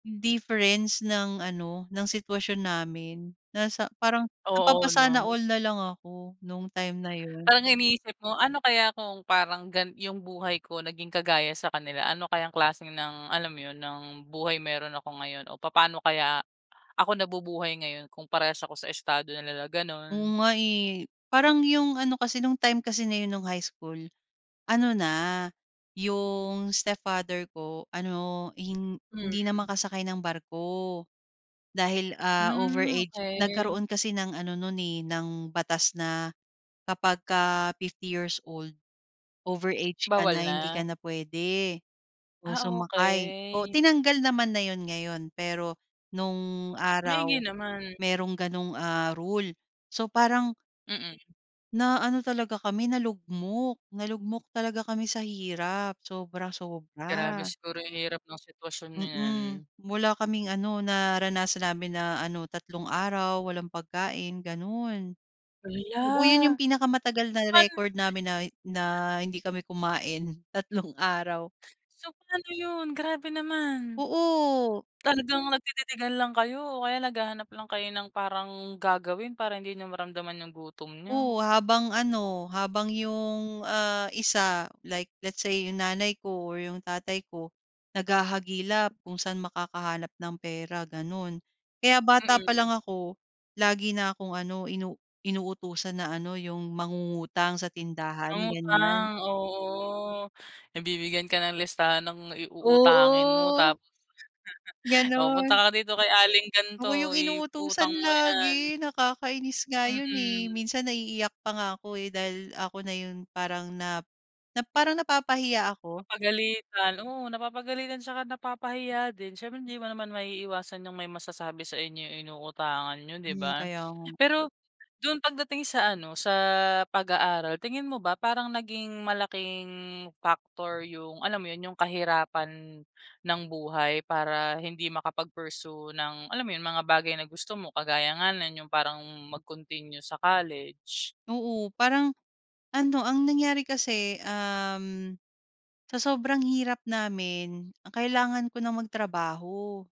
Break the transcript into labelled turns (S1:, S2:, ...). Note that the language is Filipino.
S1: Difference ng ano ng sitwasyon namin, nasa parang
S2: Oo
S1: napapasana
S2: 'no?
S1: all na lang ako nong time na iyon.
S2: Parang iniisip mo, ano kaya kung parang gan yung buhay ko naging kagaya sa kanila? Ano kayang klaseng ng alam iyon ng, buhay meron ako ngayon o papaano kaya, ako nabubuhay ngayon kung parehas ako sa estado na nila,
S1: Oo
S2: ganon.
S1: nga eh, parang yung ano kasi nong time kasi na iyon nung high school, ano na yung stepfather ko ano, hin hindi na
S2: Mm.
S1: makasakay ng barko. Dahil, ah, over
S2: Hmm,
S1: age
S2: okey.
S1: nagkaroon kasi ng ano non eh, ng batas na kapagka 50 years old, over age ka
S2: Bawal
S1: na, hindi ka
S2: na?
S1: na pwede o
S2: Ah,
S1: sumakay o
S2: okey.
S1: tinanggal naman na yon ngayon pero noong
S2: Maigi
S1: araw,
S2: naman.
S1: merong ganong ah, rule so parang
S2: Mm.
S1: na ano talaga kami, nalugmok nalugmok talaga kami sa hirap
S2: Grabe
S1: sobra-sobra.
S2: siguro yung hirap ng sitwasyon na
S1: Mm,
S2: iyan.
S1: wala kaming ano naranasan namin na ano 3 araw walang pagkain ganon. Oo, iyon yung
S2: Hala!
S1: pinakamatagal na
S2: Pan
S1: record namin na na hindi kami kumain, 3 araw.
S2: So paano iyon? Grabe naman.
S1: Oo.
S2: Talagang nagtititigan lang kayo o kaya naghahanap lang kayo ng parang gagawin para hindi niyo maramdaman yung gutom niyo?
S1: Oo, habang ano, habang yung, ah, isa like let's say yung nanay ko or yung tatay ko, naghahagilap kung saan makakahanap ng pera, ganun. Kaya bata pa lang
S2: Mm.
S1: ako, lagi na akong ano inu inutusan na ano yung mangungutang sa tindahan,
S2: Mangutang?
S1: ganyan.
S2: Oo, nabibigyan ka ng listahan ng iuutangin mo
S1: Oo.
S2: tapos. "Oh punta
S1: Ganun.
S2: ka na dito kay Aling
S1: Ako yung
S2: ganto i
S1: inuutusan
S2: utang mo iyan."
S1: lagi nakakainis nga iyon eh,
S2: Mm.
S1: minsan naiiyak pa nga ako eh, dahil ako na iyon parang na na parang napapahiya ako.
S2: Papagalitan, oo, napapagalitan at saka napapahiya din, syempre hindi mo naman maiiwasan yung may masasabi sa inyo inuutangan niyo, 'di
S1: Mm
S2: ba?
S1: kaya nga.
S2: Pero dun pagdating sa ano sa pag-aaral tingin mo ba parang naging malaking factor yung alam mo iyon, yung kahirapan ng buhay? Para hindi makapag-pursue ng alam mo iyon mga bagay na gusto mo kagaya nga non, yung parang mag-continue sa college.
S1: Oo parang, ano ang nangyari kasi um, sa sobrang hirap namin, ang kailangan ko ng mag-trabaho.